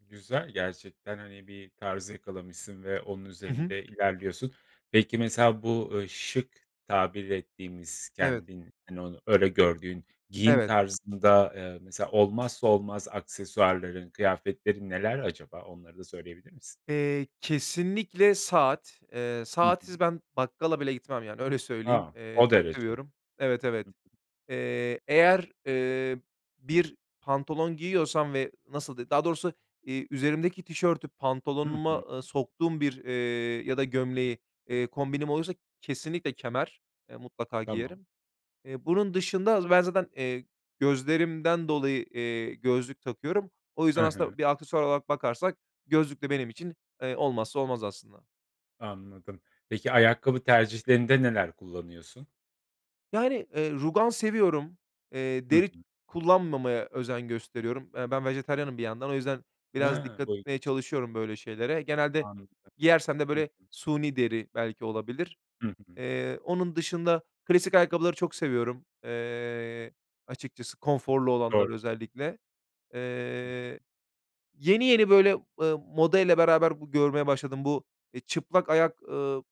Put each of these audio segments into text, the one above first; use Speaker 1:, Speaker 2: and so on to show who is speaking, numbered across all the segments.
Speaker 1: Güzel, gerçekten hani, bir tarz yakalamışsın ve onun
Speaker 2: Hı hı.
Speaker 1: üzerinde ilerliyorsun. Peki, mesela bu, ııı, şık tabir ettiğimiz
Speaker 2: Evet.
Speaker 1: kendin hani, onu öyle gördüğün giyim
Speaker 2: Evet.
Speaker 1: tarzında, eee, mesela olmazsa olmaz aksesuarların, kıyafetlerin neler acaba? Onları da söyleyebilir misin?
Speaker 2: Eee, kesinlikle saat. Eee,
Speaker 1: Hı
Speaker 2: saatsiz
Speaker 1: hı.
Speaker 2: ben bakkala bile gitmem yani öyle söyleyeyim.
Speaker 1: A!
Speaker 2: Eee,
Speaker 1: O
Speaker 2: çok
Speaker 1: derece.
Speaker 2: seviyorum
Speaker 1: Hı.
Speaker 2: Evet, evet. Eee, eğer, eee, bir pantolon giyiyorsam ve nasıl de daha doğrusu, eee, üzerimdeki tişörtü
Speaker 1: Hı hı.
Speaker 2: pantolonuma e soktuğum bir, eee, ya da gömleği, eee, kombinim olursa kesinlikle kemer. Eee, mutlaka
Speaker 1: Tamam.
Speaker 2: giyerim. Eee, bunun dışında az ben zaten, eee, gözlerimden dolayı, eee, gözlük takıyorum. O yüzden
Speaker 1: Hı hı.
Speaker 2: aslında bir aksesuar olarak bakarsak gözlük de benim için, eee, olmazsa olmaz aslında.
Speaker 1: Anladım. Peki, ayakkabı tercihlerinde neler kullanıyorsun?
Speaker 2: Yani, eee, rugan seviyorum, eee,
Speaker 1: Hı
Speaker 2: deri
Speaker 1: hı.
Speaker 2: kullanmamaya özen gösteriyorum. Eee, ben vejetaryenim bir yandan o yüzden biraz
Speaker 1: Ha,
Speaker 2: dikkat
Speaker 1: bu
Speaker 2: etmeye
Speaker 1: ilginç.
Speaker 2: çalışıyorum böyle şeylere. Genelde
Speaker 1: Anladım.
Speaker 2: giyersem de
Speaker 1: Hı
Speaker 2: böyle
Speaker 1: hı.
Speaker 2: suni deri belki olabilir.
Speaker 1: Hı hı.
Speaker 2: Eee, onun dışında klasik ayakkabıları çok seviyorum, eee, açıkçası konforlu
Speaker 1: Doğru.
Speaker 2: olanları özellikle.
Speaker 1: Hı hı.
Speaker 2: Eee, yeni yeni böyle, ııı, modayla beraber görmeye başladım. Bu, eee, çıplak ayak, eee,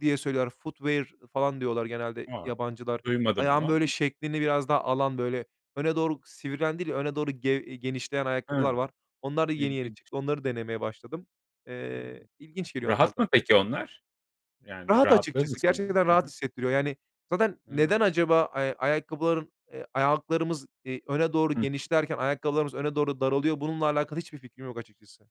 Speaker 2: diye söylüyorlar foodware falan diyorlar genelde
Speaker 1: A!
Speaker 2: yabancılar.
Speaker 1: Duymadım onu
Speaker 2: Ayağın böyle
Speaker 1: ama.
Speaker 2: şeklini biraz daha alan böyle öne doğru sivrilen değil öne doğru ge genişleyen ayakkabılar
Speaker 1: Hı.
Speaker 2: var. Onlar da yeni yeni
Speaker 1: İlginç.
Speaker 2: çıktı onları denemeye başladım. Eee,
Speaker 1: Hımm,
Speaker 2: ilginç geliyor onlar
Speaker 1: rahat
Speaker 2: da.
Speaker 1: mı peki onlar? Yani
Speaker 2: Rahat,
Speaker 1: [unintelligible]
Speaker 2: açıkçası gerçekten
Speaker 1: Hı
Speaker 2: rahat
Speaker 1: hı.
Speaker 2: hissettiriyor. Yani zaten
Speaker 1: Hıı.
Speaker 2: neden acaba, eee, ayakkabıların, eee, ayaklarımız, eee, öne doğru
Speaker 1: Hı.
Speaker 2: genişlerken ayakkabılarımız öne doğru daralıyor bununla alakalı hiçbir fikrim yok açıkçası.